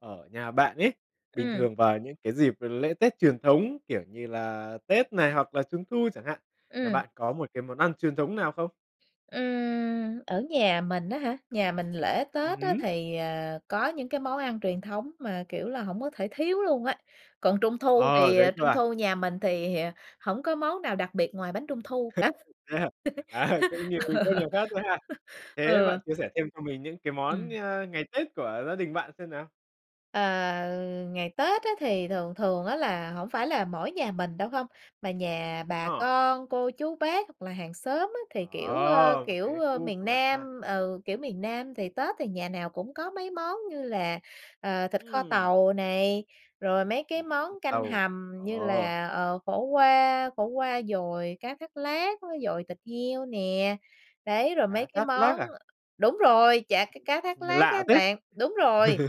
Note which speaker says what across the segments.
Speaker 1: Ở nhà bạn ấy, bình
Speaker 2: Ừm.
Speaker 1: thường vào những cái dịp lễ Tết truyền thống, kiểu như là Tết này hoặc là Trung thu chẳng hạn, nhà
Speaker 2: Ừm.
Speaker 1: bạn có một cái món ăn truyền thống nào không?
Speaker 2: Ừm, ở nhà mình á hả, nhà mình lễ
Speaker 1: Ừm
Speaker 2: Tết á
Speaker 1: hứm.
Speaker 2: thì, ờ, có những cái món ăn truyền thống mà, kiểu là, hổng có thể thiếu luôn á. Còn Trung thu
Speaker 1: Ờ,
Speaker 2: thì
Speaker 1: thế cơ
Speaker 2: Trung
Speaker 1: à?
Speaker 2: thu nhà mình thì hổng có món nào đặc biệt ngoài bánh Trung thu cả,
Speaker 1: Thế hả? À, cũng như các nhà khác thôi ha!
Speaker 2: ờ.
Speaker 1: Thế bạn chia
Speaker 2: Ừ.
Speaker 1: sẻ thêm cho mình những cái món,
Speaker 2: Ừm.
Speaker 1: ơ, ngày Tết của gia đình bạn xem nào?
Speaker 2: Ờ, ngày Tết á thì thường thường á là hổng phải là mỗi nhà mình đâu không, mà nhà bà
Speaker 1: Ờ.
Speaker 2: con, cô, chú, bác hoặc là hàng xóm á, thì, kiểu, ơ,
Speaker 1: Ờ, một
Speaker 2: kiểu,
Speaker 1: cái
Speaker 2: ơ,
Speaker 1: khu
Speaker 2: miền
Speaker 1: của bạn ha.
Speaker 2: Nam, ừ, kiểu, miền Nam, thì Tết thì nhà nào cũng có mấy món như là, ờ, thịt kho
Speaker 1: Ừm.
Speaker 2: tàu này, rồi mấy cái
Speaker 1: Thịt
Speaker 2: món
Speaker 1: kho
Speaker 2: canh
Speaker 1: tàu.
Speaker 2: hầm
Speaker 1: Ồ,
Speaker 2: như
Speaker 1: ồ!
Speaker 2: là, ờ, khổ qua, khổ qua dồi cá thát lát, với dồi thịt heo nè. Đấy, rồi mấy
Speaker 1: Cá
Speaker 2: cái
Speaker 1: thát lát
Speaker 2: món
Speaker 1: à?
Speaker 2: đúng rồi, chả cá cá thát
Speaker 1: Nghe
Speaker 2: lát á
Speaker 1: lạ thế!
Speaker 2: bạn. Đúng rồi,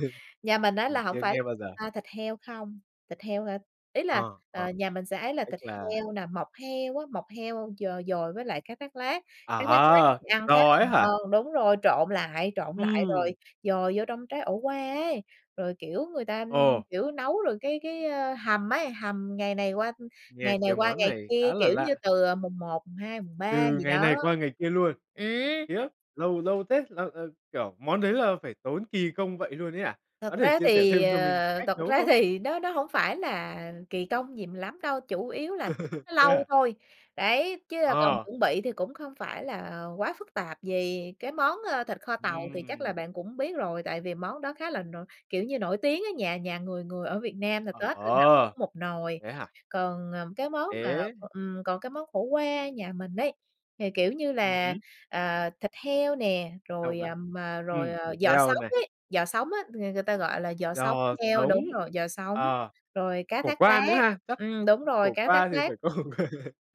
Speaker 2: nhà mình á
Speaker 1: Mình
Speaker 2: là hổng
Speaker 1: chưa
Speaker 2: phải,
Speaker 1: nghe bao giờ.
Speaker 2: a, thịt heo không, thịt heo hả? Ý là,
Speaker 1: Ờ, ờ,
Speaker 2: ờ, nhà mình sẽ ấy là
Speaker 1: tức
Speaker 2: thịt
Speaker 1: là
Speaker 2: heo nè, mọc heo á, mọc heo d dồi với lại cá thát lát, cá thát lát
Speaker 1: À!
Speaker 2: thì
Speaker 1: Kiểu,
Speaker 2: ăn khá
Speaker 1: giò
Speaker 2: là
Speaker 1: ấy hả?
Speaker 2: ngon. Đúng rồi, trộn lại, trộn lại rồi
Speaker 1: Ừm.
Speaker 2: dồi vô trong trái ổ qua ấy, rồi, kiểu, người ta, ưm,
Speaker 1: Ồ.
Speaker 2: kiểu, nấu rồi cái cái hầm ấy, hầm ngày này qua
Speaker 1: Nghe
Speaker 2: ngày này
Speaker 1: cái
Speaker 2: qua
Speaker 1: món
Speaker 2: ngày
Speaker 1: này
Speaker 2: kia,
Speaker 1: khá là
Speaker 2: kiểu như,
Speaker 1: lạ.
Speaker 2: từ mùng 1, mùng 2, mùng 3
Speaker 1: Từ
Speaker 2: gì
Speaker 1: ngày
Speaker 2: đó.
Speaker 1: này qua ngày kia luôn?
Speaker 2: Ừm.
Speaker 1: Khiếp, lâu lâu thế! Làm, ờ, kiểu, món đấy là phải tốn kỳ công vậy luôn ấy à?
Speaker 2: Thật
Speaker 1: Có thể
Speaker 2: ra
Speaker 1: chia sẻ
Speaker 2: thì,
Speaker 1: thêm cho mình
Speaker 2: ờ,
Speaker 1: cách
Speaker 2: thật
Speaker 1: nấu
Speaker 2: ra
Speaker 1: không?
Speaker 2: thì nó nó hổng phải là kỳ công gì lắm đâu, chủ yếu là nó
Speaker 1: Thế
Speaker 2: lâu
Speaker 1: hả?
Speaker 2: thôi. Đấy, chứ còn
Speaker 1: Ờ.
Speaker 2: chuẩn bị thì cũng không phải là quá phức tạp gì. Cái món, ơ, thịt kho tàu thì chắc là
Speaker 1: Ừm.
Speaker 2: bạn cũng biết rồi, tại vì món đó khá là nổi kiểu như, nổi tiếng ấy, nhà nhà người người ở Việt Nam là Tết lần nào
Speaker 1: Ờ,
Speaker 2: cũng một nồi.
Speaker 1: thế hả?
Speaker 2: Còn, ờ, cái món mà,
Speaker 1: Ế.
Speaker 2: ừm, còn cái món khổ qua nhà mình ấy, thì, kiểu như
Speaker 1: Ừm
Speaker 2: là,
Speaker 1: hứm.
Speaker 2: ờ, thịt heo nè,
Speaker 1: Đông
Speaker 2: rồi,
Speaker 1: lại.
Speaker 2: à, mà rồi
Speaker 1: Ừm, thịt
Speaker 2: giò
Speaker 1: heo
Speaker 2: sống
Speaker 1: này.
Speaker 2: ấy, giò sống á, ng người ta gọi là giò sống
Speaker 1: Giò
Speaker 2: heo.
Speaker 1: sống.
Speaker 2: Đúng rồi, giò sống,
Speaker 1: Ờ,
Speaker 2: rồi cá
Speaker 1: khổ
Speaker 2: thát
Speaker 1: qua nữa
Speaker 2: lát,
Speaker 1: ha? Chắc
Speaker 2: ừm, đúng rồi,
Speaker 1: khổ
Speaker 2: cá thát
Speaker 1: qua thì
Speaker 2: lát.
Speaker 1: phải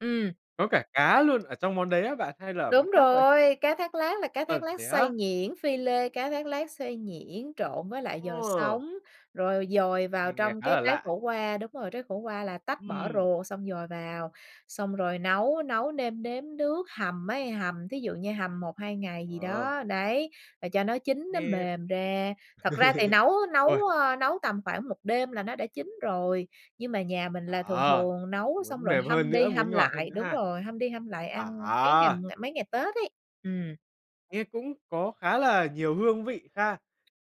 Speaker 2: Ừm.
Speaker 1: có cả cá luôn ở trong món đấy á bạn hay là ở món
Speaker 2: Đúng
Speaker 1: khác vậy?
Speaker 2: rồi, cá thát lát là cá thát
Speaker 1: Thật
Speaker 2: lát
Speaker 1: thế
Speaker 2: xay
Speaker 1: á?
Speaker 2: nhuyễn, phi lê. Cá thát lát xay nhuyễn, trộn với lại giò
Speaker 1: Ờ.
Speaker 2: sống, rồi dồi vào
Speaker 1: Mình nghe
Speaker 2: trong
Speaker 1: khá
Speaker 2: cái
Speaker 1: là
Speaker 2: trái
Speaker 1: lạ.
Speaker 2: khổ qua đúng rồi, trái khổ qua là tách bỏ
Speaker 1: Ừm.
Speaker 2: ruột, xong dồi vào, xong rồi nấu, nấu nêm nếm nước. Hầm ấy, hầm thí dụ như hầm 1,2 ngày gì
Speaker 1: Ờ.
Speaker 2: đó, đấy, rồi cho nó chín nó
Speaker 1: Nghe
Speaker 2: mềm ra. Thật ra thì nấu nấu,
Speaker 1: Ôi!
Speaker 2: ơ, nấu tầm khoảng 1 đêm là nó đã chín rồi, nhưng mà nhà mình là thường
Speaker 1: À!
Speaker 2: thường nấu xong
Speaker 1: Muốn
Speaker 2: rồi
Speaker 1: mềm hơn
Speaker 2: hâm đi
Speaker 1: nữa, muốn
Speaker 2: hâm
Speaker 1: ngọt hơn
Speaker 2: lại.
Speaker 1: nữa
Speaker 2: Đúng
Speaker 1: ha.
Speaker 2: rồi, hâm đi hâm lại ăn mấy ngày
Speaker 1: À!
Speaker 2: mấy ngày Tết ấy. Ừm.
Speaker 1: Nghe cũng có khá là nhiều hương vị ha?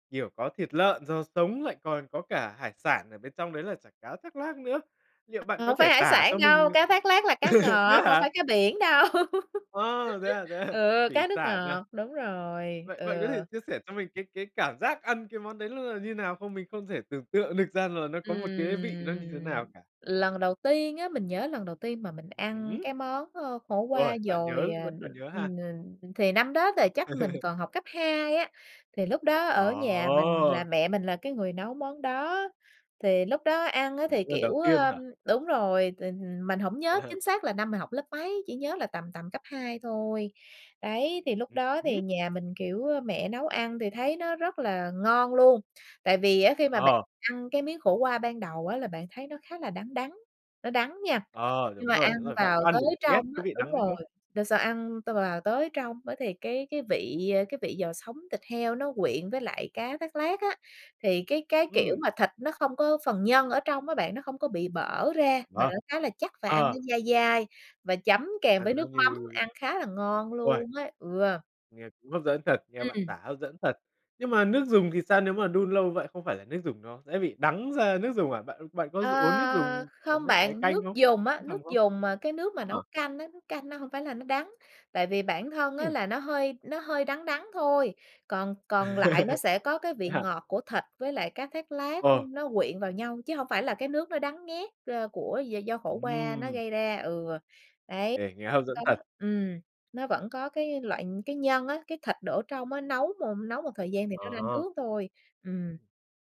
Speaker 1: Kiểu, có thịt lợn, rau sống, lại còn có cả hải sản ở bên trong đấy là chả cá thác lác nữa. Liệu bạn
Speaker 2: Ờ,
Speaker 1: có
Speaker 2: hổng phải
Speaker 1: thể
Speaker 2: hải
Speaker 1: tả
Speaker 2: sản
Speaker 1: cho mình
Speaker 2: đâu, cá thác lác là cá
Speaker 1: thế
Speaker 2: ngọt, hổng phải
Speaker 1: hả?
Speaker 2: cá biển đâu.
Speaker 1: Ờ, thế à, thế à.
Speaker 2: Ừ,
Speaker 1: Thủy
Speaker 2: cá nước
Speaker 1: sản à.
Speaker 2: ngọt, đúng rồi,
Speaker 1: Vậy
Speaker 2: ừ.
Speaker 1: vậy có thể chia sẻ cho mình cái cái cảm giác ăn cái món đấy nó là như nào không? Mình không thể tưởng tượng được ra là nó có một cái vị nó như thế
Speaker 2: Ừm.
Speaker 1: nào cả.
Speaker 2: Lần đầu tiên á, mình nhớ lần đầu tiên mà mình
Speaker 1: Ừm
Speaker 2: ăn
Speaker 1: hứm.
Speaker 2: cái món, ơ, khổ qua
Speaker 1: Ôi, bạn nhớ
Speaker 2: dồi, à,
Speaker 1: vẫn
Speaker 2: đ
Speaker 1: còn nhớ ha.
Speaker 2: ừm, n thì năm đó là chắc mình còn học cấp 2 á. Thì lúc đó
Speaker 1: Ờ!
Speaker 2: ở nhà mình là mẹ mình là cái người nấu món đó, thì lúc đó ăn á,
Speaker 1: Ừm,
Speaker 2: thì,
Speaker 1: lần
Speaker 2: kiểu,
Speaker 1: đầu tiên
Speaker 2: ơm
Speaker 1: hả?
Speaker 2: đúng rồi, thì mình hổng nhớ chính xác là năm mình học lớp mấy, chỉ nhớ là tầm, tầm cấp 2 thôi. Đấy, thì lúc
Speaker 1: Ừm
Speaker 2: đó thì
Speaker 1: hứm.
Speaker 2: nhà mình, kiểu, ơ, mẹ nấu ăn thì thấy nó rất là ngon luôn, tại vì á, khi mà bạn
Speaker 1: Ờ.
Speaker 2: ăn cái miếng khổ qua ban đầu á, là bạn thấy nó khá là đắng, đắng, nó đắng nha,
Speaker 1: Ờ,
Speaker 2: nhưng
Speaker 1: đúng
Speaker 2: mà ăn
Speaker 1: rồi, đúng rồi. Bạn
Speaker 2: vào
Speaker 1: có ăn
Speaker 2: tới
Speaker 1: được ghét
Speaker 2: trong
Speaker 1: cái
Speaker 2: á,
Speaker 1: vị
Speaker 2: đúng
Speaker 1: đắng đấy
Speaker 2: rồi,
Speaker 1: không?
Speaker 2: đ sau ăn t vào tới trong á, thì cái cái vị, ơ, cái vị giò sống thịt heo nó quyện với lại cá thác lác á. Thì cái cái, kiểu,
Speaker 1: Ừm.
Speaker 2: mà thịt nó không có phần nhân ở trong á bạn, nó không có bị bở ra mà
Speaker 1: À.
Speaker 2: nó khá là chắc và ăn
Speaker 1: Ờ.
Speaker 2: nó dai dai và chấm kèm với
Speaker 1: Ăn nó
Speaker 2: nước mắm,
Speaker 1: như
Speaker 2: ăn khá là ngon
Speaker 1: Ôi!
Speaker 2: luôn ấy, ừ.
Speaker 1: Nghe cũng hấp dẫn thật, nghe bạn
Speaker 2: Ừm.
Speaker 1: tả hấp dẫn thật. Nhưng mà nước dùng thì sao? Nếu mà đun lâu vậy không phải là nước dùng nó sẽ bị đắng ra nước dùng à? Bạn bạn có dùng uống nước
Speaker 2: Ờ,
Speaker 1: dùng, ờ,
Speaker 2: không
Speaker 1: nước ấy
Speaker 2: bạn.
Speaker 1: canh
Speaker 2: Nước
Speaker 1: không,
Speaker 2: dùng á,
Speaker 1: nước hầm
Speaker 2: nước
Speaker 1: không?
Speaker 2: dùng mà cái nước mà nấu
Speaker 1: Ờ.
Speaker 2: canh á, nước canh nó hông phải là nó đắng, tại vì bản thân á,
Speaker 1: Ừm.
Speaker 2: là nó hơi nó hơi đắng đắng thôi. Còn còn lại nó sẽ có cái
Speaker 1: Thế
Speaker 2: vị
Speaker 1: hả?
Speaker 2: ngọt của thịt với lại cá thác lác,
Speaker 1: Ờ.
Speaker 2: ưm, nó quyện vào nhau, chứ hông phải là cái nước nó đắng nghét, ơ, của d do khổ qua nó
Speaker 1: Ừm.
Speaker 2: gây ra. Ừ, đấy.
Speaker 1: Ê, nghe hấp
Speaker 2: Đó.
Speaker 1: dẫn thật!
Speaker 2: Ừm, nó vẫn có cái loại cái nhân á, cái thịt đổ trong á, nấu m nấu một thời gian thì nó ra
Speaker 1: À.
Speaker 2: nước thôi. Ừm.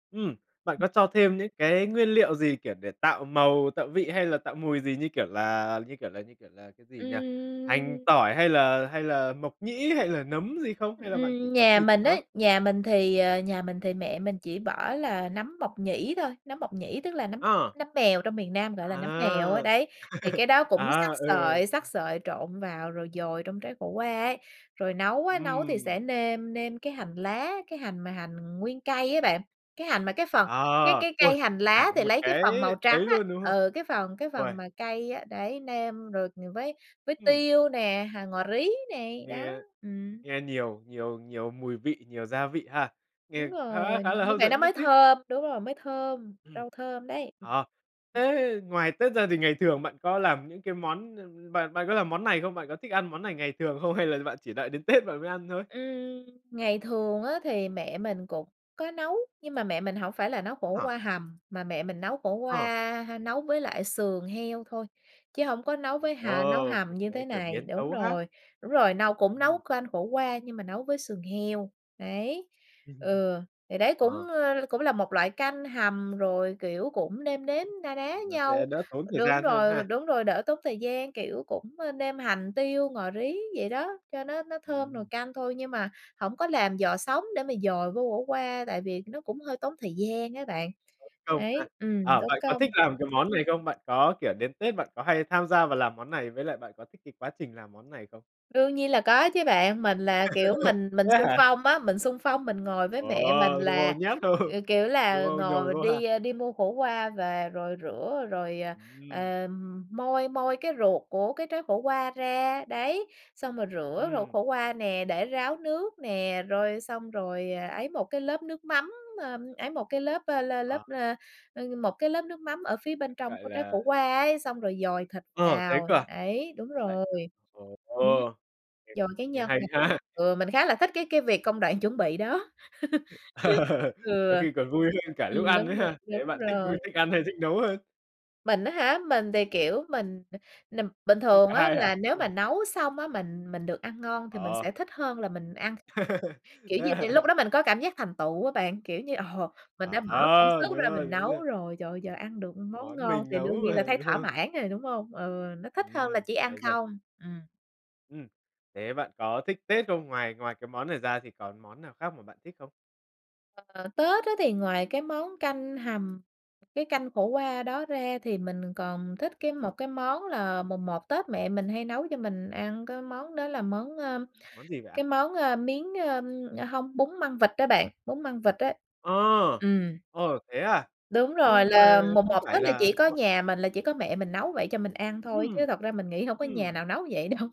Speaker 1: Ừm, bạn
Speaker 2: Ừm.
Speaker 1: có cho thêm những cái nguyên liệu gì, kiểu, để tạo màu, tạo vị hay là tạo mùi gì, như kiểu là, như kiểu là, như kiểu là, cái gì nhỉ? Hành,
Speaker 2: Ừm.
Speaker 1: tỏi hay là hay là mộc nhĩ hay là nấm gì không? Hay là bạn chỉ
Speaker 2: Ừm,
Speaker 1: có
Speaker 2: nhà
Speaker 1: thịt
Speaker 2: mình
Speaker 1: thôi?
Speaker 2: ấy, nhà mình thì, ờ, nhà mình thì mẹ mình chỉ bỏ là nấm mộc nhĩ thôi, nấm mộc nhĩ tức là nấm
Speaker 1: Ờ.
Speaker 2: nấm mèo trong miền Nam, gọi là, nấm mèo á,
Speaker 1: À!
Speaker 2: đấy. Thì cái đó cũng
Speaker 1: À,
Speaker 2: xắt
Speaker 1: ừ, ừ.
Speaker 2: sợi, xắt sợi trộn vào rồi dồi trong trái khổ qua ấy. Rồi nấu á, nấu thì
Speaker 1: Ừm.
Speaker 2: sẽ nêm nêm cái hành lá, cái hành mà hành nguyên cây á bạn, cái hành mà cái phần, cái
Speaker 1: Ờ.
Speaker 2: cái
Speaker 1: Ôi,
Speaker 2: cây hành lá
Speaker 1: cả
Speaker 2: thì
Speaker 1: một
Speaker 2: lấy cái
Speaker 1: cái
Speaker 2: phần màu trắng
Speaker 1: ấy
Speaker 2: á,
Speaker 1: luôn, đúng không?
Speaker 2: ừ, cái phần cái phần
Speaker 1: Ôi!
Speaker 2: mà cây á, đấy, nêm rồi, ừm, với với
Speaker 1: Ừm.
Speaker 2: tiêu nè, hành, ngò rí này, đó,
Speaker 1: Nghe
Speaker 2: ừm.
Speaker 1: nghe nhiều nhiều nhiều mùi vị, nhiều gia vị ha.
Speaker 2: Đúng
Speaker 1: Nghe khá
Speaker 2: rồi,
Speaker 1: khá là
Speaker 2: như
Speaker 1: hấp
Speaker 2: vậy nó
Speaker 1: dẫn đấy
Speaker 2: mới
Speaker 1: chứ.
Speaker 2: thơm. Đúng rồi, mới thơm,
Speaker 1: Ừm.
Speaker 2: rau thơm đấy. Ừm.
Speaker 1: Ờ,
Speaker 2: Ừm.
Speaker 1: thế ngoài Tết ra thì ngày thường bạn có làm những cái món, ưm, bạn bạn có làm món này không? Bạn có thích ăn món này ngày thường không hay là bạn chỉ đợi đến Tết bạn mới ăn thôi?
Speaker 2: Ừm. Ngày thường á, thì mẹ mình cũng có nấu, nhưng mà mẹ mình hổng phải là nấu khổ
Speaker 1: Hả?
Speaker 2: qua hầm, mà mẹ mình nấu khổ
Speaker 1: Ờ.
Speaker 2: qua, ha, nấu với lại sườn heo thôi, chứ hông có nấu với hà nấu
Speaker 1: Ồ,
Speaker 2: hầm như thế
Speaker 1: cái kiểu
Speaker 2: này,
Speaker 1: biến
Speaker 2: đúng
Speaker 1: tấu khác.
Speaker 2: rồi. Đúng rồi, nâu cũng nấu
Speaker 1: Ừm.
Speaker 2: canh khổ qua nhưng mà nấu với sườn heo, đấy,
Speaker 1: Ừm.
Speaker 2: ừ, thì đấy cũng,
Speaker 1: Ờ.
Speaker 2: ơ, cũng là một loại canh hầm rồi, kiểu, cũng nêm nếm na ná
Speaker 1: Nó sẽ
Speaker 2: nhau.
Speaker 1: đỡ tốn thời
Speaker 2: Đúng
Speaker 1: gian hơn
Speaker 2: rồi,
Speaker 1: ha.
Speaker 2: đúng rồi, đỡ tốn thời gian, kiểu, cũng, ơ, nêm hành tiêu, ngò rí vậy đó, cho nó nó thơm nồi
Speaker 1: Ừm.
Speaker 2: canh thôi nhưng mà hổng có làm giò sống để mà dồi vô khổ qua, tại vì nó cũng hơi tốn thời gian ấy bạn.
Speaker 1: Tốn công ha.
Speaker 2: Ấy, ừm,
Speaker 1: Ờ,
Speaker 2: tốn
Speaker 1: bạn có thích
Speaker 2: công.
Speaker 1: làm cái món này không? Bạn có, kiểu, đến Tết bạn có hay tham gia vào làm món này, với lại bạn có thích cái quá trình làm món này không?
Speaker 2: Đương nhiên là có chứ bạn, mình là, kiểu, mình mình
Speaker 1: Thế
Speaker 2: xung
Speaker 1: hả?
Speaker 2: phong á, mình xung phong mình ngồi với
Speaker 1: Ồ,
Speaker 2: mẹ mình là,
Speaker 1: ngồi nhét vô,
Speaker 2: ờ, kiểu
Speaker 1: đúng
Speaker 2: là,
Speaker 1: không? Nhồi
Speaker 2: ngồi
Speaker 1: vô ha.
Speaker 2: đi, a, đi mua khổ qua và rồi rửa rồi, ờ,
Speaker 1: Ừm.
Speaker 2: ờm, moi moi cái ruột của cái trái khổ qua ra. Đấy, xong rồi rửa ruột
Speaker 1: Ừm.
Speaker 2: khổ qua nè, để ráo nước nè, rồi xong rồi, à, ấy một cái lớp nước mắm, a, ấy một cái lớp, a, la lớp,
Speaker 1: Ờ.
Speaker 2: a, ơ, một cái lớp nước mắm ở phía
Speaker 1: Kiểu,
Speaker 2: bên trong
Speaker 1: gọi
Speaker 2: của trái
Speaker 1: là
Speaker 2: khổ qua ấy. Xong rồi dồi thịt
Speaker 1: Ờ, thế
Speaker 2: vào,
Speaker 1: cơ à!
Speaker 2: ấy, đúng
Speaker 1: Lại
Speaker 2: rồi, ừm,
Speaker 1: ồ, nghe
Speaker 2: dồi cái
Speaker 1: nghe
Speaker 2: nhân
Speaker 1: hay
Speaker 2: vào
Speaker 1: ha.
Speaker 2: ừ, mình khá là thích cái cái việc công đoạn chuẩn bị đó. Ừ.
Speaker 1: Đôi khi còn vui hơn cả
Speaker 2: Ừm,
Speaker 1: lúc ăn ấy
Speaker 2: đúng rồi,
Speaker 1: ha? Thế
Speaker 2: đúng
Speaker 1: bạn thích
Speaker 2: rồi.
Speaker 1: vui, thích ăn, hay thích nấu hơn?
Speaker 2: Mình á hả, mình thì, kiểu, mình n bình
Speaker 1: Thích
Speaker 2: thường
Speaker 1: cả
Speaker 2: á
Speaker 1: hai hả?
Speaker 2: là nếu mà nấu xong á mình mình được ăn ngon thì mình
Speaker 1: Ờ.
Speaker 2: sẽ thích hơn là mình ăn. Kiểu như, vì lúc đó mình có cảm giác thành tựu á bạn, kiểu như, ồ, mình đã
Speaker 1: À
Speaker 2: bỏ công
Speaker 1: há.
Speaker 2: sức
Speaker 1: Đúng
Speaker 2: ra
Speaker 1: rồi,
Speaker 2: mình
Speaker 1: đúng
Speaker 2: nấu
Speaker 1: rồi.
Speaker 2: rồi, trời ơi giờ ăn được món
Speaker 1: Món
Speaker 2: ngon
Speaker 1: mình
Speaker 2: thì
Speaker 1: nấu
Speaker 2: đương nhiên là
Speaker 1: mà,
Speaker 2: thấy
Speaker 1: đúng
Speaker 2: thỏa
Speaker 1: không?
Speaker 2: mãn rồi, đúng hông? Ừ, nó thích hơn là
Speaker 1: Ừm.
Speaker 2: chỉ ăn
Speaker 1: Hay thật.
Speaker 2: không. Ừm.
Speaker 1: Ừm. Thế bạn có thích Tết không? Ngoài ngoài cái món này ra thì còn món nào khác mà bạn thích không?
Speaker 2: Ờ, Tết á thì ngoài cái món canh hầm, cái canh khổ qua đó ra thì mình còn thích cái một cái món là mùng 1 Tết mẹ mình hay nấu cho mình ăn cái món đó là món, ơ,
Speaker 1: Món gì vậy
Speaker 2: cái
Speaker 1: ạ?
Speaker 2: món, ơ, miến ơ, hông bún măng vịt á bạn, bún măng vịt á.
Speaker 1: Ờ,
Speaker 2: Ừm.
Speaker 1: ờ, thế à,
Speaker 2: Đúng rồi,
Speaker 1: nhưng
Speaker 2: là
Speaker 1: mà
Speaker 2: mùng
Speaker 1: không
Speaker 2: 1
Speaker 1: phải
Speaker 2: Tết là chỉ
Speaker 1: là
Speaker 2: có
Speaker 1: [unintelligible]
Speaker 2: nhà mình là chỉ có mẹ mình nấu vậy cho mình ăn thôi,
Speaker 1: Ừm,
Speaker 2: chứ thật ra mình nghĩ hông có nhà nào
Speaker 1: ừm.
Speaker 2: nấu vậy đâu.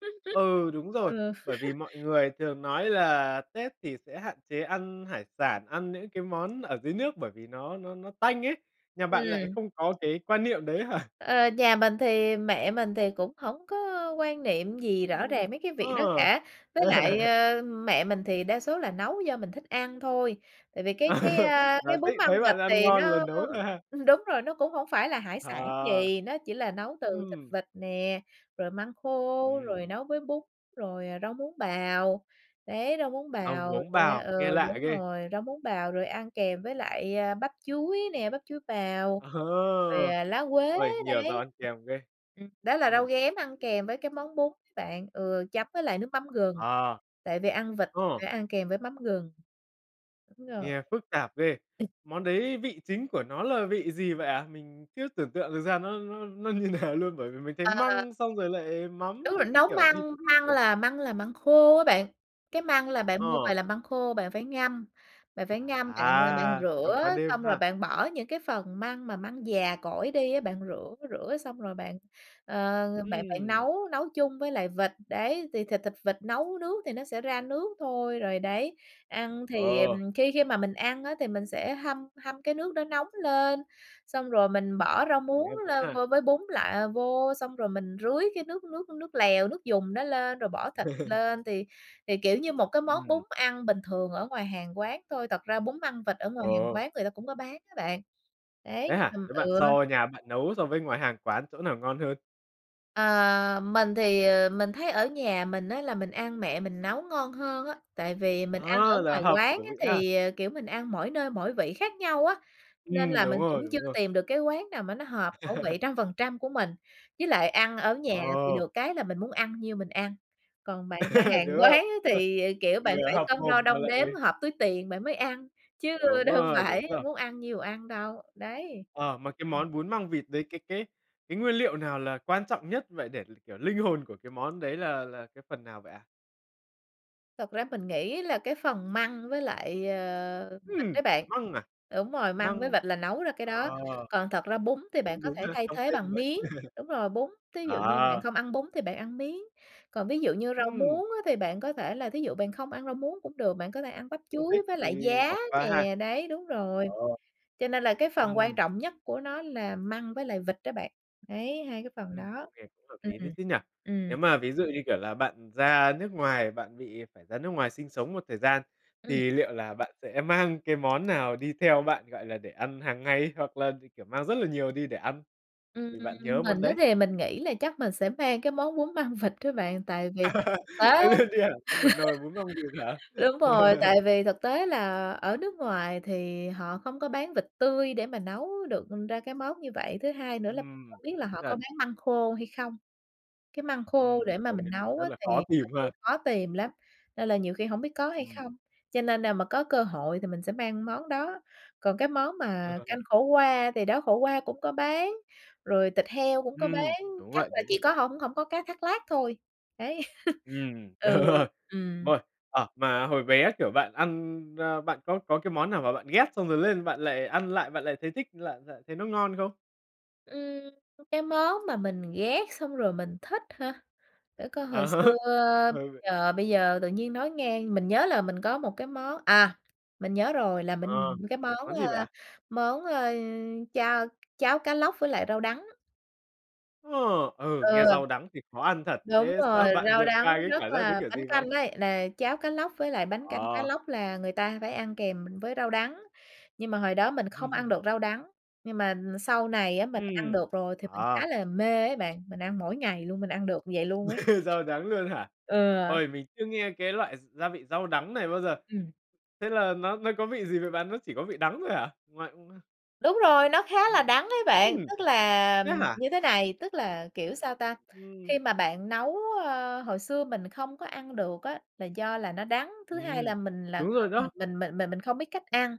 Speaker 1: Ừ, đúng rồi.
Speaker 2: Ừ.
Speaker 1: Bởi vì mọi người thường nói là Tết thì sẽ hạn chế ăn hải sản, ăn những cái món ở dưới nước bởi vì nó nó nó tanh ấy. Nhà bạn lại
Speaker 2: Ừm.
Speaker 1: không có cái quan niệm đấy hả?
Speaker 2: Ờ, nhà mình thì mẹ mình thì cũng hổng có quan niệm gì rõ
Speaker 1: Ừm.
Speaker 2: ràng mấy cái việc đó
Speaker 1: Ờ.
Speaker 2: cả. Với lại, ơ, mẹ mình thì đa số là nấu do mình thích ăn thôi. Tại vì cái cái, ơ,
Speaker 1: Là
Speaker 2: cái
Speaker 1: thích,
Speaker 2: bún măng
Speaker 1: thấy
Speaker 2: vịt
Speaker 1: bạn ăn
Speaker 2: này
Speaker 1: ngon là
Speaker 2: nó
Speaker 1: nấu thôi ha?
Speaker 2: đúng rồi, nó cũng hổng phải là hải sản
Speaker 1: Ờ,
Speaker 2: gì, nó chỉ là nấu từ thịt
Speaker 1: ừm.
Speaker 2: vịt nè, rồi măng khô, rồi
Speaker 1: Ừm.
Speaker 2: nấu với bún, rồi rau muống bào, đấy, rau muống
Speaker 1: Rau
Speaker 2: bào
Speaker 1: muống
Speaker 2: nè,
Speaker 1: bào,
Speaker 2: ừ,
Speaker 1: nghe lạ
Speaker 2: đúng
Speaker 1: ghê.
Speaker 2: rồi, rau muống bào rồi ăn kèm với lại, ơ, bắp chuối nè, bắp chuối bào
Speaker 1: Ờ,
Speaker 2: rồi lá quế.
Speaker 1: uầy, nhiều rau
Speaker 2: Đấy,
Speaker 1: ăn kèm ghê.
Speaker 2: ừm, đó là rau
Speaker 1: Ừm.
Speaker 2: ghém ăn kèm với cái món bún ấy bạn, ừ, chấm với lại nước mắm gừng.
Speaker 1: Ờ.
Speaker 2: Tại vì ăn vịt thì
Speaker 1: Ồ.
Speaker 2: phải ăn kèm với mắm gừng. Đúng rồi.
Speaker 1: Nghe phức tạp ghê.
Speaker 2: [unintelligible]
Speaker 1: Món đấy vị chính của nó là vị gì vậy ạ? Mình chưa tưởng tượng được ra nó nó nó như nào luôn bởi vì mình thấy
Speaker 2: Ờ.
Speaker 1: măng xong rồi lại mắm
Speaker 2: Đúng rồi
Speaker 1: các các
Speaker 2: nấu
Speaker 1: kiểu, vịt
Speaker 2: măng
Speaker 1: các
Speaker 2: măng
Speaker 1: kiểu.
Speaker 2: là măng là măng khô á bạn, cái măng là bạn mua về
Speaker 1: Ờ.
Speaker 2: là măng khô bạn phải ngâm, bạn phải ngâm bạn, ơ, bạn
Speaker 1: À, ngâm qua
Speaker 2: rửa
Speaker 1: đêm
Speaker 2: xong rồi
Speaker 1: ha.
Speaker 2: bạn bỏ những cái phần măng mà măng già cỗi đi á, bạn rửa, rửa xong rồi bạn, ờ, bạn bạn
Speaker 1: Ừm.
Speaker 2: nấu nấu chung với lại vịt, đấy, thì thịt thịt vịt nấu nước thì nó sẽ ra nước thôi, rồi, đấy, ăn thì
Speaker 1: Ờ.
Speaker 2: khi khi mà mình ăn á thì mình sẽ hâm hâm cái nước đó nóng lên, xong rồi mình
Speaker 1: Nghe
Speaker 2: bỏ rau
Speaker 1: nghe
Speaker 2: muống
Speaker 1: hấp dẫn
Speaker 2: lên
Speaker 1: ha.
Speaker 2: vô với bún lại vô, xong rồi mình rưới cái nước nước nước lèo, nước dùng đó lên rồi bỏ thịt lên thì thì, kiểu, như một cái món bún
Speaker 1: Ừm.
Speaker 2: ăn bình thường ở ngoài hàng quán thôi. Thật ra bún măng vịt ở ngoài hàng
Speaker 1: Ờ.
Speaker 2: quán người ta cũng có bán á bạn. Đấy,
Speaker 1: Thế hả?
Speaker 2: ừm,
Speaker 1: Thế bạn
Speaker 2: ừ.
Speaker 1: so nhà bạn nấu so với ngoài hàng quán chỗ nào ngon hơn?
Speaker 2: Ờ, mình thì, ờ, mình thấy ở nhà mình á là mình ăn mẹ mình nấu ngon hơn á. Tại vì mình ăn ở
Speaker 1: Ơ, là
Speaker 2: ngoài
Speaker 1: hợp
Speaker 2: quán
Speaker 1: khẩu
Speaker 2: á,
Speaker 1: vị ha.
Speaker 2: thì, ờm kiểu, mình ăn mỗi nơi, mỗi vị khác nhau á, nên
Speaker 1: Ừm,
Speaker 2: là
Speaker 1: đúng
Speaker 2: mình cũng
Speaker 1: rồi,
Speaker 2: chưa
Speaker 1: đúng rồi.
Speaker 2: tìm được cái quán nào mà nó hợp khẩu vị 100% của mình. Với lại ăn ở nhà thì
Speaker 1: Ờ.
Speaker 2: được cái là mình muốn ăn nhiêu mình ăn. Còn bạn ra hàng
Speaker 1: Đúng
Speaker 2: quán
Speaker 1: không?
Speaker 2: á
Speaker 1: Ờ,
Speaker 2: thì, kiểu, bạn
Speaker 1: vừa
Speaker 2: phải
Speaker 1: hợp
Speaker 2: cân đo
Speaker 1: mồm mà
Speaker 2: đong
Speaker 1: lại
Speaker 2: đếm, hợp túi tiền bạn mới ăn, chứ
Speaker 1: Đúng
Speaker 2: đâu
Speaker 1: rồi,
Speaker 2: phải
Speaker 1: [unintelligible]
Speaker 2: muốn ăn nhiêu ăn đâu, đấy.
Speaker 1: Ờ, mà cái
Speaker 2: Ừm.
Speaker 1: món bún măng vịt đấy, cái cái cái nguyên liệu nào là quan trọng nhất vậy để l kiểu, linh hồn của cái món đấy là là cái phần nào vậy ạ?
Speaker 2: Thật ra mình nghĩ là cái phần măng với lại, ờ, vịt
Speaker 1: Ừm,
Speaker 2: ấy bạn.
Speaker 1: măng à?
Speaker 2: Đúng rồi, măng với
Speaker 1: Măng,
Speaker 2: vịt là nấu ra cái đó.
Speaker 1: ờ.
Speaker 2: Còn thật ra bún thì bạn
Speaker 1: Cũng
Speaker 2: có
Speaker 1: đúng
Speaker 2: thể
Speaker 1: ha,
Speaker 2: thay
Speaker 1: không
Speaker 2: thế
Speaker 1: thêm cũng
Speaker 2: bằng
Speaker 1: được.
Speaker 2: miến, đúng rồi, bún, thí dụ như bạn
Speaker 1: À.
Speaker 2: không ăn bún thì bạn ăn miến. Còn ví dụ như rau
Speaker 1: Ừm.
Speaker 2: muống á, thì bạn có thể là thí dụ bạn không ăn rau muống cũng được, bạn có thể ăn bắp
Speaker 1: Không thích
Speaker 2: chuối với
Speaker 1: thì
Speaker 2: lại giá
Speaker 1: bỏ qua ha?
Speaker 2: nè, đấy, đúng rồi.
Speaker 1: Ờ.
Speaker 2: Cho nên là cái phần quan
Speaker 1: Ừm.
Speaker 2: trọng nhất của nó là măng với lại vịt đó bạn. Đấy, hai cái phần
Speaker 1: Ừm,
Speaker 2: đó.
Speaker 1: cũng nghe cũng hợp
Speaker 2: Ừm,
Speaker 1: lý đấy chứ nhỉ.
Speaker 2: ừm.
Speaker 1: Nếu mà ví dụ, như kiểu là, bạn ra nước ngoài, bạn bị phải ra nước ngoài sinh sống một thời gian,
Speaker 2: Ừm.
Speaker 1: thì liệu là bạn sẽ mang cái món nào đi theo bạn, gọi là, để ăn hàng ngày hoặc là, ừ, kiểu, mang rất là nhiều đi để ăn?
Speaker 2: Ừm,
Speaker 1: Vì bạn nhớ món
Speaker 2: mình á,
Speaker 1: đấy.
Speaker 2: thì mình nghĩ là chắc mình sẽ mang cái món bún măng vịt á bạn, tại vì thực tế á
Speaker 1: Mang luôn đi hẳn cho 1 nồi bún măng vịt hả?
Speaker 2: đúng rồi, tại vì thực tế là ở nước ngoài thì họ không có bán vịt tươi để mà nấu được ra cái món như vậy. Thứ hai nữa là không
Speaker 1: Ừm,
Speaker 2: biết là
Speaker 1: đúng
Speaker 2: họ có
Speaker 1: thật.
Speaker 2: bán măng khô hay không, cái măng khô
Speaker 1: Ừm,
Speaker 2: để mà
Speaker 1: công
Speaker 2: mình
Speaker 1: nhận
Speaker 2: nấu
Speaker 1: rất
Speaker 2: á,
Speaker 1: là khó
Speaker 2: thì
Speaker 1: tìm
Speaker 2: ừ,
Speaker 1: ha.
Speaker 2: khó tìm lắm, nên là nhiều khi hổng biết có hay
Speaker 1: Ừm
Speaker 2: không. Cho nên nào mà có cơ hội thì mình sẽ mang món đó. Còn cái món
Speaker 1: Ờ,
Speaker 2: mà
Speaker 1: ờ, ờ.
Speaker 2: canh khổ qua, thì đó, khổ qua cũng có bán, rồi thịt heo cũng có bán,
Speaker 1: Ừm, đúng
Speaker 2: chắc
Speaker 1: vậy,
Speaker 2: là
Speaker 1: đúng
Speaker 2: chỉ
Speaker 1: vậy.
Speaker 2: có hông hổng có cá thác lác thôi, đấy.
Speaker 1: Ừm,
Speaker 2: Ừ, ừm.
Speaker 1: rồi, ờ, mà hồi bé, kiểu, bạn ăn, ơ, bạn có có cái món nào mà bạn ghét xong rồi lên bạn lại ăn lại, bạn lại thấy thích lại lại thấy nó ngon không?
Speaker 2: Ừm, cái món mà mình ghét xong rồi mình thích hả? Để coi hồi
Speaker 1: À,
Speaker 2: xưa
Speaker 1: hay vậy.
Speaker 2: giờ bây giờ tự nhiên nói ngang, mình nhớ là mình có một cái món à, mình nhớ rồi là
Speaker 1: Ờ,
Speaker 2: mình cái
Speaker 1: là
Speaker 2: món,
Speaker 1: món gì vậy
Speaker 2: ơ,
Speaker 1: ạ?
Speaker 2: món, ơ, chao cháo cá lóc với lại rau đắng.
Speaker 1: Ồ! Ừ,
Speaker 2: Ừ.
Speaker 1: nghe rau đắng thì khó ăn thật.
Speaker 2: Đúng
Speaker 1: Thế
Speaker 2: rồi,
Speaker 1: sau bạn
Speaker 2: rau
Speaker 1: vượt
Speaker 2: đắng
Speaker 1: qua cái
Speaker 2: rất
Speaker 1: cảm giác đấy
Speaker 2: là
Speaker 1: kiểu
Speaker 2: bánh
Speaker 1: gì vậy?
Speaker 2: canh ấy, là cháo cá lóc với lại bánh canh cá
Speaker 1: Ờ.
Speaker 2: lóc là người ta phải ăn kèm với rau đắng. Nhưng mà hồi đó mình không ăn
Speaker 1: Ừm.
Speaker 2: được rau đắng, nhưng mà sau này á mình ăn
Speaker 1: Ừm,
Speaker 2: được rồi thì mình
Speaker 1: ờ.
Speaker 2: khá là mê ấy bạn. Mình ăn mỗi ngày luôn, mình ăn được như vậy luôn ấy.
Speaker 1: Rau đắng luôn hả?
Speaker 2: Ừ.
Speaker 1: Ôi mình chưa nghe cái loại gi gia vị rau đắng này bao giờ.
Speaker 2: Ừm.
Speaker 1: Thế là nó nó có vị gì vậy bạn? Nó chỉ có vị đắng thôi hả? Ngoại
Speaker 2: Đúng rồi, nó khá là
Speaker 1: Ừm,
Speaker 2: đắng ấy bạn.
Speaker 1: ừm,
Speaker 2: Tức là
Speaker 1: thế hả?
Speaker 2: như thế này, tức là, kiểu,
Speaker 1: Ừm,
Speaker 2: sao ta,
Speaker 1: ừm.
Speaker 2: khi mà bạn nấu, ơ, hồi xưa mình không có ăn được á là do là nó đắng, thứ hai
Speaker 1: Ừm,
Speaker 2: là mình là
Speaker 1: đúng rồi
Speaker 2: không mình
Speaker 1: đó.
Speaker 2: mình mình mình mình không biết cách ăn.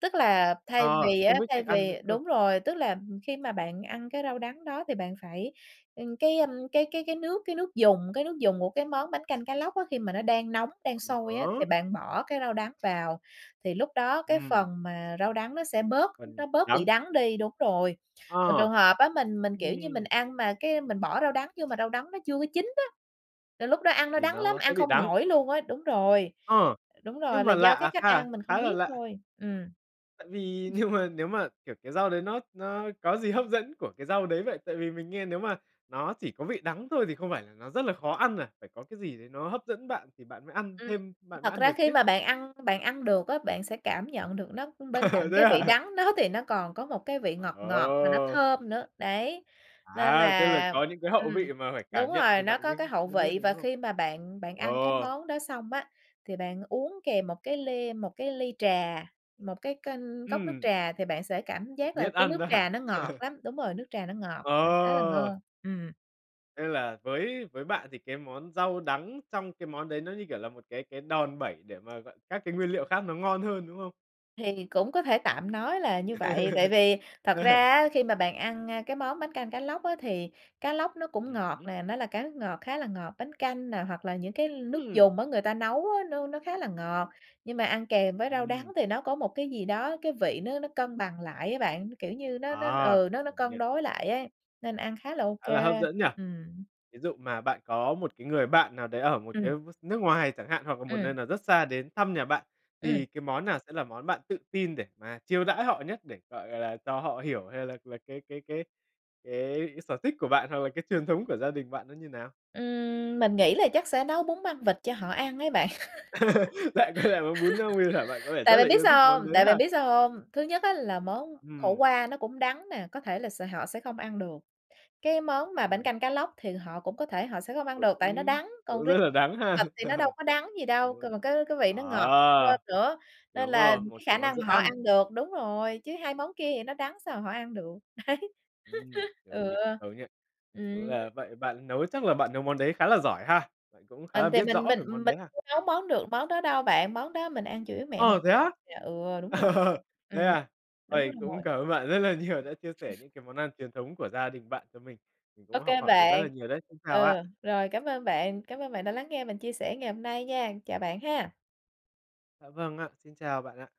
Speaker 2: Tức là thay
Speaker 1: Ờ,
Speaker 2: vì á
Speaker 1: không biết
Speaker 2: thay
Speaker 1: cách ăn nữa
Speaker 2: vì
Speaker 1: cơ.
Speaker 2: đúng rồi, tức là khi mà bạn ăn cái rau đắng đó thì bạn phải, ừm, cái, ơ, cái cái cái nước cái nước dùng cái nước dùng của cái món bánh canh cá lóc á, khi mà nó đang nóng đang sôi
Speaker 1: Ờ
Speaker 2: á, thì
Speaker 1: há.
Speaker 2: bạn bỏ cái rau đắng vào, thì lúc đó cái phần
Speaker 1: Ừm.
Speaker 2: mà rau đắng nó sẽ bớt
Speaker 1: Phần
Speaker 2: nó bớt bị
Speaker 1: đắng.
Speaker 2: đắng đi đúng rồi. Còn trường
Speaker 1: Ờ,
Speaker 2: hợp á mình mình, kiểu như, mình
Speaker 1: ừm.
Speaker 2: ăn mà cái mình bỏ rau đắng vô mà rau đắng nó chưa có chín á, là lúc đó ăn nó
Speaker 1: Thì
Speaker 2: đắng lắm,
Speaker 1: nó sẽ
Speaker 2: ăn
Speaker 1: bị
Speaker 2: không
Speaker 1: đắng.
Speaker 2: nổi luôn á đúng rồi,
Speaker 1: Ờ,
Speaker 2: đúng rồi,
Speaker 1: nhưng
Speaker 2: là
Speaker 1: mà
Speaker 2: do cái
Speaker 1: lạ
Speaker 2: cách
Speaker 1: ha,
Speaker 2: ăn mình
Speaker 1: khá
Speaker 2: không
Speaker 1: là
Speaker 2: biết
Speaker 1: lạ.
Speaker 2: thôi, ừm.
Speaker 1: Tại vì nhưng mà nếu mà, kiểu, cái rau đấy nó nó có gì hấp dẫn của cái rau đấy vậy? Tại vì mình nghe nếu mà nó chỉ có vị đắng thôi thì không phải là nó rất là khó ăn à? Phải có cái gì đấy nó hấp dẫn bạn thì bạn mới ăn
Speaker 2: Ừm,
Speaker 1: thêm bạn mới
Speaker 2: thật
Speaker 1: ăn
Speaker 2: ra
Speaker 1: được
Speaker 2: khi
Speaker 1: chứ?
Speaker 2: mà bạn ăn bạn ăn được á, bạn sẽ cảm nhận được nó bên cạnh
Speaker 1: Thế
Speaker 2: cái vị
Speaker 1: à?
Speaker 2: đắng đó thì nó còn có một cái vị ngọt ngọt mà nó
Speaker 1: Ờ!
Speaker 2: thơm nữa, đấy. Nên
Speaker 1: À, tức là
Speaker 2: là
Speaker 1: có những cái hậu
Speaker 2: ừm,
Speaker 1: vị mà phải
Speaker 2: đúng
Speaker 1: cảm nhận
Speaker 2: rồi,
Speaker 1: thì
Speaker 2: nó
Speaker 1: bạn
Speaker 2: có
Speaker 1: mới
Speaker 2: cái hậu
Speaker 1: mới biết
Speaker 2: vị
Speaker 1: được,
Speaker 2: và
Speaker 1: đúng không?
Speaker 2: khi mà bạn bạn ăn cái
Speaker 1: Ờ.
Speaker 2: món đó xong á, thì bạn uống kèm một cái ly một cái ly trà, một cái kênh cốc nước
Speaker 1: Ừm.
Speaker 2: trà, thì bạn sẽ cảm giác là
Speaker 1: Biết
Speaker 2: cái
Speaker 1: ăn
Speaker 2: nước
Speaker 1: đó hả?
Speaker 2: trà nó ngọt lắm. Đúng rồi, nước trà nó ngọt, ừm, khá là
Speaker 1: Ờ.
Speaker 2: ngon. Ừm.
Speaker 1: Thế là với với bạn thì cái món rau đắng trong cái món đấy nó như kiểu là một cái cái đòn bẩy để mà gọi các cái nguyên liệu khác nó ngon hơn, đúng không?
Speaker 2: Thì cũng có thể tạm nói là như vậy. Tại vì thật ra á, khi mà bạn ăn, a, cái món bánh canh cá lóc á thì cá lóc nó cũng
Speaker 1: Ừm
Speaker 2: ngọt
Speaker 1: hứm.
Speaker 2: nè, nó là cá nước ngọt khá là ngọt, bánh canh nè hoặc là những cái nước
Speaker 1: Ừm.
Speaker 2: dùng á người ta nấu á, nó nó khá là ngọt. Nhưng mà ăn kèm với rau
Speaker 1: Ừm.
Speaker 2: đắng thì nó có một cái gì đó, cái vị nó nó cân bằng lại á bạn. Kiểu như, nó nó
Speaker 1: À,
Speaker 2: ừ, nó nó
Speaker 1: công
Speaker 2: cân
Speaker 1: nhận.
Speaker 2: đối lại ấy, nên ăn khá là ô
Speaker 1: Khá
Speaker 2: kê,
Speaker 1: là hấp dẫn nhỉ?
Speaker 2: ừm.
Speaker 1: Ví dụ mà bạn có một cái người bạn nào đấy ở một cái
Speaker 2: Ừm.
Speaker 1: s nước ngoài chẳng hạn, hoặc là một
Speaker 2: Ừm.
Speaker 1: nơi nào rất xa đến thăm nhà bạn,
Speaker 2: Ừm.
Speaker 1: thì cái món nào sẽ là món bạn tự tin để mà chiêu đãi họ nhất để, gọi là, cho họ hiểu hay là là cái cái cái cái sở thích của bạn, hoặc là cái truyền thống của gia đình bạn nó như nào?
Speaker 2: Ừm. Mình nghĩ là chắc sẽ nấu bún măng vịt cho họ ăn ấy bạn.
Speaker 1: Lại quay lại món bún măng vịt hả? Bạn có vẻ
Speaker 2: Tại
Speaker 1: rất là
Speaker 2: bạn biết
Speaker 1: yêu thích
Speaker 2: sao
Speaker 1: món
Speaker 2: hông?
Speaker 1: đấy
Speaker 2: Tại
Speaker 1: ha?
Speaker 2: bạn biết sao hông? Thứ nhất á là món khổ
Speaker 1: Ừm.
Speaker 2: qua nó cũng đắng nè, có thể là s họ sẽ không ăn được. Cái món mà bánh
Speaker 1: Ừm.
Speaker 2: canh cá lóc thì họ cũng có thể họ sẽ không ăn
Speaker 1: Cũng
Speaker 2: được, tại vì nó đắng. Còn
Speaker 1: cũng rất
Speaker 2: riêng
Speaker 1: là đắng ha.
Speaker 2: vịt thì nó đâu có đắng gì đâu, c
Speaker 1: [unintelligible]
Speaker 2: cái cái vị nó ngọt hơn
Speaker 1: Ờ,
Speaker 2: nữa, nên
Speaker 1: đúng
Speaker 2: là
Speaker 1: rồi, một
Speaker 2: cái
Speaker 1: cái
Speaker 2: khả
Speaker 1: món
Speaker 2: năng
Speaker 1: dễ
Speaker 2: mà họ
Speaker 1: ăn.
Speaker 2: ăn được đúng rồi, chứ hai món kia thì nó đắng sao mà họ ăn được. Đấy.
Speaker 1: Ừm, công
Speaker 2: Ừ.
Speaker 1: nhận, công nhận. Vậy cũng
Speaker 2: Ừm, nên
Speaker 1: là vậy bạn nấu chắc là bạn nấu món đấy khá là giỏi ha? Bạn cũng khá là
Speaker 2: Mình thì
Speaker 1: biết
Speaker 2: mình
Speaker 1: rõ
Speaker 2: mình
Speaker 1: về món
Speaker 2: mình
Speaker 1: đấy ha?
Speaker 2: chưa nấu món được món đó đâu bạn, món đó mình ăn chủ yếu mẹ mình
Speaker 1: Ờ, thế á?
Speaker 2: dạ, ừ, đúng rồ
Speaker 1: Thế
Speaker 2: Ừm,
Speaker 1: à?
Speaker 2: đúng
Speaker 1: Ôi,
Speaker 2: rồi.
Speaker 1: cũng cảm ơn bạn rất là nhiều, đã chia sẻ những cái món ăn truyền thống của gia đình bạn cho mình. Mình
Speaker 2: Ô
Speaker 1: cũng học
Speaker 2: kê
Speaker 1: hỏi được rất là
Speaker 2: bạn.
Speaker 1: nhiều đấy. Xin chào ạ!
Speaker 2: Ừ, rồi, cảm ơn bạn. Cảm ơn bạn đã lắng nghe mình chia sẻ ngày hôm nay nha! Chào bạn ha!
Speaker 1: Dạ vâng ạ. Xin chào bạn ạ!